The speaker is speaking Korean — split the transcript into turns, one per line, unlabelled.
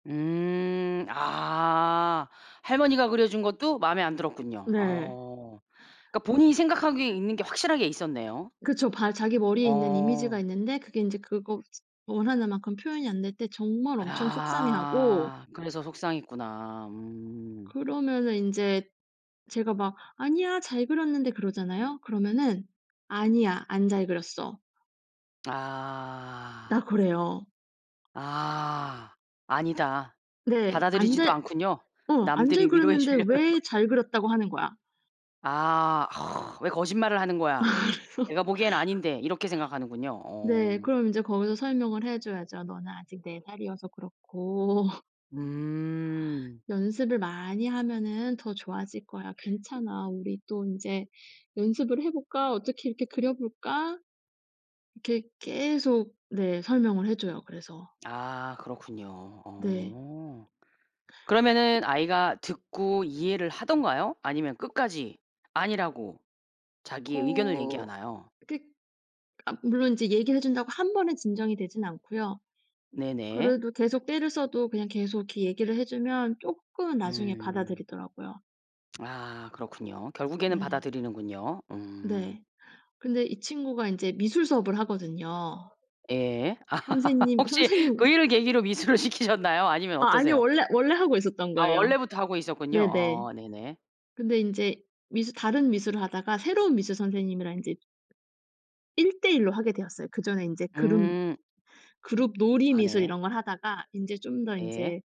음. 아 할머니가 그려준 것도 마음에 안 들었군요.
네.
어. 그러니까 본인이 생각하기에 있는 게 확실하게 있었네요.
그쵸. 발 자기 머리에 있는 이미지가
어.
있는데 그게 인제 그거 원하는 만큼 표현이 안 될 때 정말 엄청 속상해하고
아 그래서 속상했구나. 음.
그러면은 인제 제가 막 "아니야, 잘 그렸는데." 그러잖아요. 그러면은 "아니야, 안 잘 그렸어."
아.
나 그래요.
아. "아니다."
네. 안
받아들이지도
잘
않군요.
어, "안 잘
남들이 위로해
그렸는데
주려는 거.
왜 잘 그렸다고 하는 거야?"
아. '왜 거짓말을 하는
아
거야.
그래서
내가 보기엔 아닌데.' 이렇게 생각하는군요.
네,
어.
그럼 이제 거기서 설명을 해 줘야죠. "너는 아직 4 살이어서 그렇고"
음.
"연습을 많이 하면은 더 좋아질 거야. 괜찮아. 우리 또 인제 연습을 해 볼까? 어떻게 이렇게 그려 볼까?" 이렇게 계속 네 설명을 해 줘요, 그래서.
아 그렇군요.
네.
어.
그
그러면은 아이가 듣고 이해를 하던가요? 아니면
어.
끝까지 아니라고 자기의 의견을
어
얘기하나요?
그 아 물론 이제 얘기를 해 준다고 1 번에 진정이 되진 않고요.
네네.
그래도 계속 떼를 써도 그냥 계속 이렇게 얘기를 해 주면 쪼끔 나중에
음.
받아들이더라고요.
아 그렇군요. 결국에는
네.
받아들이는군요. 음.
네. 근데 이 친구가 인제 미술 수업을 하거든요.
예.
선생님
혹시 그
선생님
일을 계기로 미술을 시키셨나요? 아니면
아 아니요.
어떠세요?
원래 원래 하고 있었던
아
거예요.
원래부터 하고 있었군요.
네네.
아 네네.
근데 인제 미술 다른 미술을 하다가 새로운 미술 선생님이랑 인제 1 대1로 하게 되었어요. 그 전엔 인제 그룹
음.
그룹 놀이
아
미술
네.
이런 걸 하다가 인제 좀 더
예.
인제